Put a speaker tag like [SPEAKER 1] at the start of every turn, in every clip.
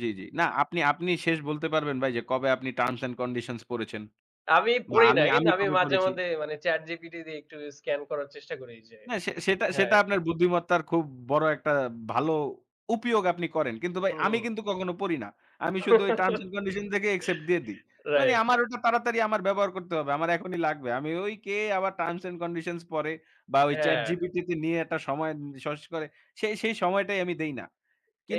[SPEAKER 1] জি, জি। না আপনি, আপনি শেষ বলতে পারবেন ভাই যে, কবে আপনি Terms and Conditions পড়েছেন?
[SPEAKER 2] আমি
[SPEAKER 1] বা
[SPEAKER 2] পড়ি
[SPEAKER 1] আমি,
[SPEAKER 2] নাই কিন্তু
[SPEAKER 1] আমি
[SPEAKER 2] আমি
[SPEAKER 1] কবে
[SPEAKER 2] মাঝে,
[SPEAKER 1] পড়েছি?
[SPEAKER 2] মাঝে মানে ChatGPT দিয়ে একটু স্ক্যান করার চেষ্টা করি যে
[SPEAKER 1] হ্যাঁ, সে সেটা, সেটা
[SPEAKER 2] হ্যাঁ।
[SPEAKER 1] আপনার বুদ্ধিমত্তার খুব বড় একটা ভালো উপোয়োগ আপনি করেন। কিন্তু ভাই
[SPEAKER 2] হু,
[SPEAKER 1] আমি
[SPEAKER 2] হুম।
[SPEAKER 1] কিন্তু কখনো পড়ি না। আমি শুধু ওই Terms and Conditions দেকে accept দিয়ে দেই। মানে
[SPEAKER 2] রাইট।
[SPEAKER 1] আমার ওটা তাড়াতাড়ি আমার ব্যবহার করতে হবে, আমার এখনই লাগবে। আমি ওই কে আবার Terms and Conditions পড়ে? বা ওই
[SPEAKER 2] হ্যাঁ।
[SPEAKER 1] ChatGPT তে নিয়ে একটা সময় সস করে? সেই, সেই সময়টাই আমি দেই না।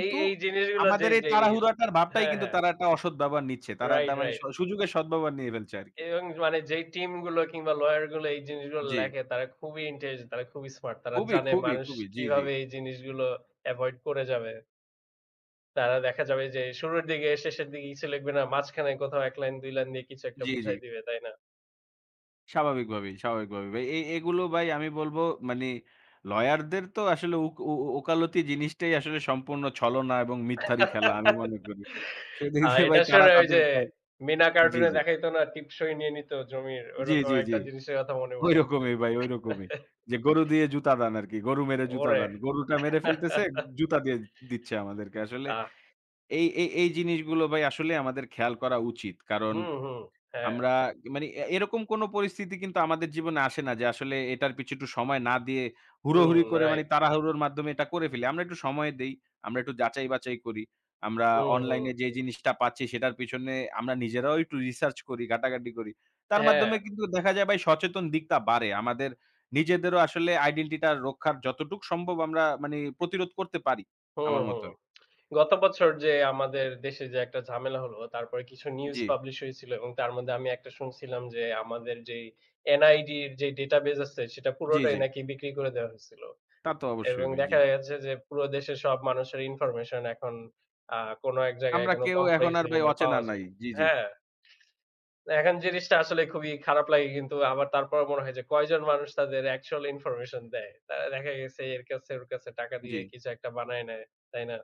[SPEAKER 2] এই, এই জিনিসগুলো
[SPEAKER 1] আমাদের
[SPEAKER 2] যেই,
[SPEAKER 1] এই
[SPEAKER 2] যেই
[SPEAKER 1] তাড়াহুড়োটার ভাবটাই
[SPEAKER 2] হ্যাঁ,
[SPEAKER 1] কিন্তু
[SPEAKER 2] হ্যাঁ।
[SPEAKER 1] তারা একটা অসৎ ব্যবহার নিচ্ছে। তারা একটা
[SPEAKER 2] রাইট,
[SPEAKER 1] মানে স
[SPEAKER 2] রাইট।
[SPEAKER 1] সুযোগের সদ্ব্যবহার নিয়ে ফেলছে আরকি।
[SPEAKER 2] এবং মানে যেই টিমগুলো কিংবা lawyer গুলো এই জিনিসগুলো
[SPEAKER 1] জি।
[SPEAKER 2] লেখে তারা খুবই intelligent, তারা খুবই smart। তারা
[SPEAKER 1] খুবই,
[SPEAKER 2] জানে
[SPEAKER 1] খুবই,
[SPEAKER 2] মানুষ
[SPEAKER 1] খুবই। জি, জি।
[SPEAKER 2] কিভাবে এই জিনিসগুলো avoid করে যাবে। তারা দেখা যাবে যে, শুরুর দিকে শেষের দিকে কিছু লেখবে না। মাঝখানে কোথাও ১ লাইন ২ লাইন দিয়ে কিছু একটা
[SPEAKER 1] জি, জি।
[SPEAKER 2] বুঝায় দিবে, তাই না?
[SPEAKER 1] স্বাভাবিকভাবেই, স্বাভাবিকভাবেই। এ এইগুলো ভাই আমি বলব মানে lawyer দের তো আসলে উক উ, উ উকালতি জিনিসটাই আসলে সম্পূর্ণ ছলনা এবং মিথ্যারই খেলা আমি মনে করি। সেদিক
[SPEAKER 2] আ
[SPEAKER 1] দিয়ে ভাই
[SPEAKER 2] এটা
[SPEAKER 1] তারা
[SPEAKER 2] শুনে ওই
[SPEAKER 1] তাদের
[SPEAKER 2] যে,
[SPEAKER 1] কাজ
[SPEAKER 2] মিনা
[SPEAKER 1] জি,
[SPEAKER 2] কার্টুনে
[SPEAKER 1] জি।
[SPEAKER 2] দেখাইতো না টিপসই নিয়ে নিত জমির?
[SPEAKER 1] জি,
[SPEAKER 2] ওরকম
[SPEAKER 1] জি, জি।
[SPEAKER 2] একটা জিনিসের কথা মনে পড়তেছে।
[SPEAKER 1] ওইরকমই ভাই ওইরকমই। যে, গরু দিয়ে জুতা দান আরকি, গরু মেরে জুতা
[SPEAKER 2] ওরে!
[SPEAKER 1] দান। গরুটা মেরে ফেলতেছে, জুতা দিয়ে দিচ্ছে আমাদেরকে। আসলে
[SPEAKER 2] আহ!
[SPEAKER 1] এই, এই এই জিনিসগুলো ভাই আসলেই আমাদের খেয়াল করা উচিত। কারণ
[SPEAKER 2] হু, হুম, হ্যাঁ।
[SPEAKER 1] আমরা এ মানে এ এরকম কোন পরিস্থিতি কিন্তু আমাদের জীবনে আসে না যে, আসলে এটার পিছে একটু সময় না দিয়ে হুড়োহুড়ি
[SPEAKER 2] হুম,
[SPEAKER 1] করে মানে
[SPEAKER 2] রাইট।
[SPEAKER 1] তাড়াহুড়োর মাধ্যমে এটা করে ফেলি। আমরা একটু সময় দেই, আমরা একটু যাচাই-বাছাই করি। আমরা
[SPEAKER 2] হু,
[SPEAKER 1] অনলাইনে
[SPEAKER 2] হুম।
[SPEAKER 1] যে, জিনিসটা পাচ্ছি সেটার পিছনে আমরা নিজেরাও একটু research করি, ঘাটাঘাটি করি। তার
[SPEAKER 2] হ্যাঁ।
[SPEAKER 1] মাধ্যমে কিন্তু দেখা যায় ভাই সচেতন দিকটা বাড়ে। আমাদের নিজেদেরও আসলে আইডেন্টিটিটা রক্ষার যতটুকু সম্ভব আমরা মানে প্রতিরোধ করতে পারি
[SPEAKER 2] হুম,
[SPEAKER 1] আমার
[SPEAKER 2] হুম।
[SPEAKER 1] মতে।
[SPEAKER 2] গত বছর যে, আমাদের দেশে যে, একটা ঝামেলা হলো তারপরে কিছু নিউজ
[SPEAKER 1] জি।
[SPEAKER 2] পাবলিশ হইছিল। এবং তার মধ্যে আমি একটা শুনছিলাম যে, আমাদের যেই NID র যেই database আছে সেটা
[SPEAKER 1] জি,
[SPEAKER 2] পুরোটাই
[SPEAKER 1] জি।
[SPEAKER 2] নাকি বিক্রি করে দেওয়া হইছিল।
[SPEAKER 1] তা তো অবশ্যই
[SPEAKER 2] এবং
[SPEAKER 1] ভাই, জি।
[SPEAKER 2] দেখা গেছে যে, পুরো দেশের সব মানুষের information এখন আ কোন এক জায়গায়
[SPEAKER 1] আমরা
[SPEAKER 2] কোন
[SPEAKER 1] কেউ
[SPEAKER 2] company
[SPEAKER 1] এখন
[SPEAKER 2] কাছে
[SPEAKER 1] আর ভাই
[SPEAKER 2] কিংবা
[SPEAKER 1] অচেনা
[SPEAKER 2] পাওয়া
[SPEAKER 1] নাই।
[SPEAKER 2] যায়।
[SPEAKER 1] জি, জি।
[SPEAKER 2] হ্যাঁ। তো এখন জিনিসটা আসলে খুবই খারাপ লাগে কিন্তু আবার তারপরও মনে হয় যে, কয়জন মানুষ তাদের actual information দেয়? তারা দেখা গেছে এর কাছে ওর কাছে টাকা দিয়ে
[SPEAKER 1] জি।
[SPEAKER 2] কিছু একটা বানায় নেয়, তাই না?